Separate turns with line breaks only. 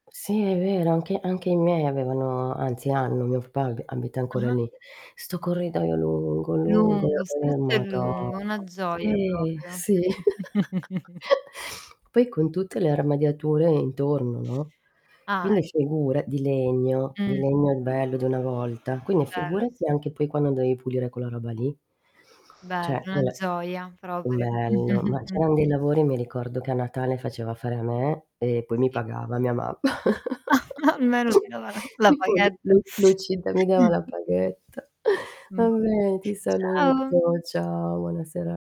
Sì è vero, anche anche i miei avevano, anzi, hanno, mio papà ab abita ancora
Ah-ah.
lì. Sto corridoio lungo, lungo
Lungo,
e
stretto e
mado'.
lungo, una gioia
Sì
proprio.
sì. Poi con tutte le armadiature intorno, no,
Ah, eh.
quindi figura di legno, di
Mh.
legno il bello di una volta, quindi
Bello s
figurati anche poi quando dovevi pulire quella roba lì.
Bello,
Cioè
una
quel
gioia proprio.
bello, ma c'erano dei lavori, mi ricordo che a Natale faceva fare a me e poi mi
Si.
pagava mia mamma.
Ma almeno ti dava la la
E poi
paghetta.
lu lui lui ci da mi dava la paghetta.
Mh,
Va bene, ti
ciao.
saluto. Ciao, buona sera